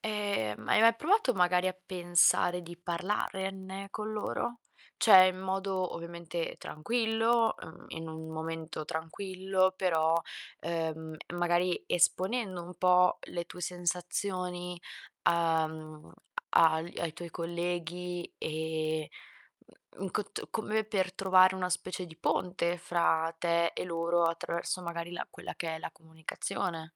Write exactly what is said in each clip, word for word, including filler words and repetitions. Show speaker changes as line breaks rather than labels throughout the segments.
Ehm, ma hai mai provato magari a pensare di parlarenne con loro? ceh, in modo ovviamente tranquillo, uhm, in un momento tranquillo, però, uhm, e magari esponendo un po' le tue sensazioni, uhm, agl ai tuoi colleghi e, mh mhmm, in cott come per trovare una specie di ponte fra te e loro, attraverso magari la quella che è la comunicazione.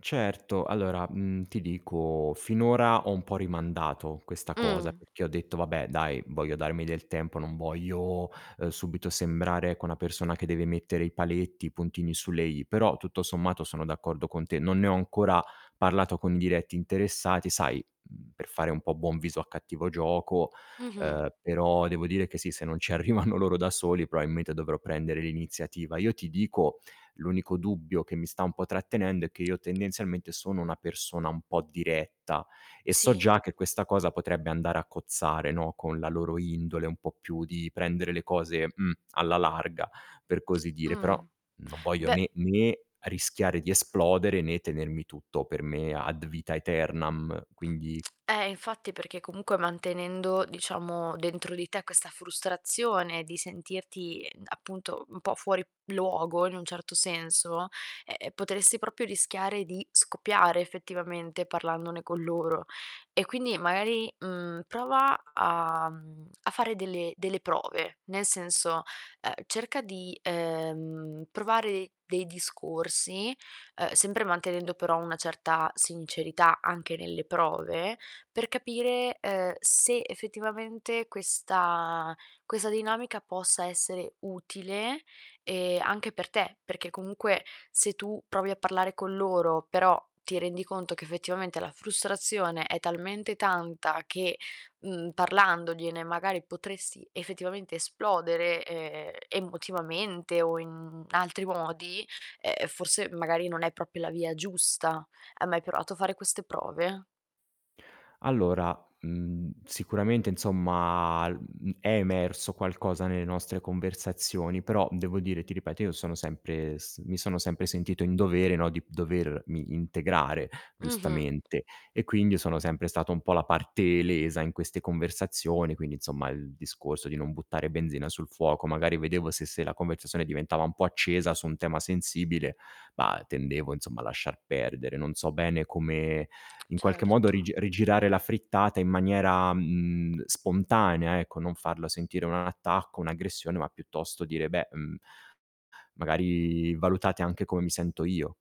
Certo, allora, mhmm, ti dico: finora ho un po' rimandato questa cosa
Mh.
perchè ho detto: "Vabbè, dai, voglio darmi del tempo, non voglio, uhm, subito sembrare, ecco, una persona che deve mettere i paletti, i puntini sulle i". Però tutto sommato sono d'accordo con te. Non ne ho ancora parlato con i diretti interessati, sai, mhmm, per fare un po' buon viso a cattivo gioco.
Mh-mh.
Uhm, però devo dire che sì, se non ci arrivano loro da soli, proailmente dovrò prendere l'iniziativa. Io ti dico, l'unico dubbio che mi sta un po' trattenendo è che io tendenzialmente sono una persona un po' diretta e so
Tsì.
già che questa cosa potrebbe andare a cozzare, no, con la loro indole un po' più di prendere le cose, mh, alla larga, per così dire. Però
Mh.
non voglio
Beh
né né rischiare di esplodere né tenermi tutto per me ad vitam aeternam,
Mh,
quindi
eh, infatti, perché comunque mantenendo, diciamo, dentro di te questa frustrazione di sentirti ind appunto, un po' fuori luogo in un certo senso, ehm ehm, potressi propio rischiare di scoppiare effettivamente parlandone con loro. E quindi magari, mhmm, prova a mhmm, a, mhmm, fare delle delle prove, nel senso: uhm, cerca di, ehm, provare dei discorsi, uhm, sempre mantenendo però una certa sincerità anche nelle prove, per capire, uhm, se effettivamente questa quesa dinamica possa essere utile, ehm, anche per te, perché comunque se tu provi a parlare con loro, però ti rendi conto che effettivamente la frustrazione è talmente tanta che, mhmm, parlandogliene magari potresti effettivamente esplodere, ehm, emotivamente o in, mhmm, altri modi, uhm, forse magari non è propio la via giusta. Hai mai provato a fare queste prove?
Allora, mhmm, sicuramente, insomma, l mhmm, è emerso qualcosa nelle nostre conversazioni, però devo dire, ti ripeto, io sono sempre s mi sono sempre sentito in dovere, no, di dovermi integrare
Mh-mh.
giustamente e quindi io sono sempre stato un po' la parte lesa in queste conversazioni. Quindi, insomma, il discorso di non buttare benzina sul fuoco. Magari vedevo se se la conversazione diventava un po' accesa su un tema sensibile, bah, tendevo insomma a lasciar perdere. Non so bene come in qualche modo
Certo.
rige rigirare la frittata in maniera, mh mhmm, spontanea, ecco, non farla sentire un attacco, un'aggressione, ma piuttosto dire: "Beh, mhmm" "magari valutate anche come mi sento io".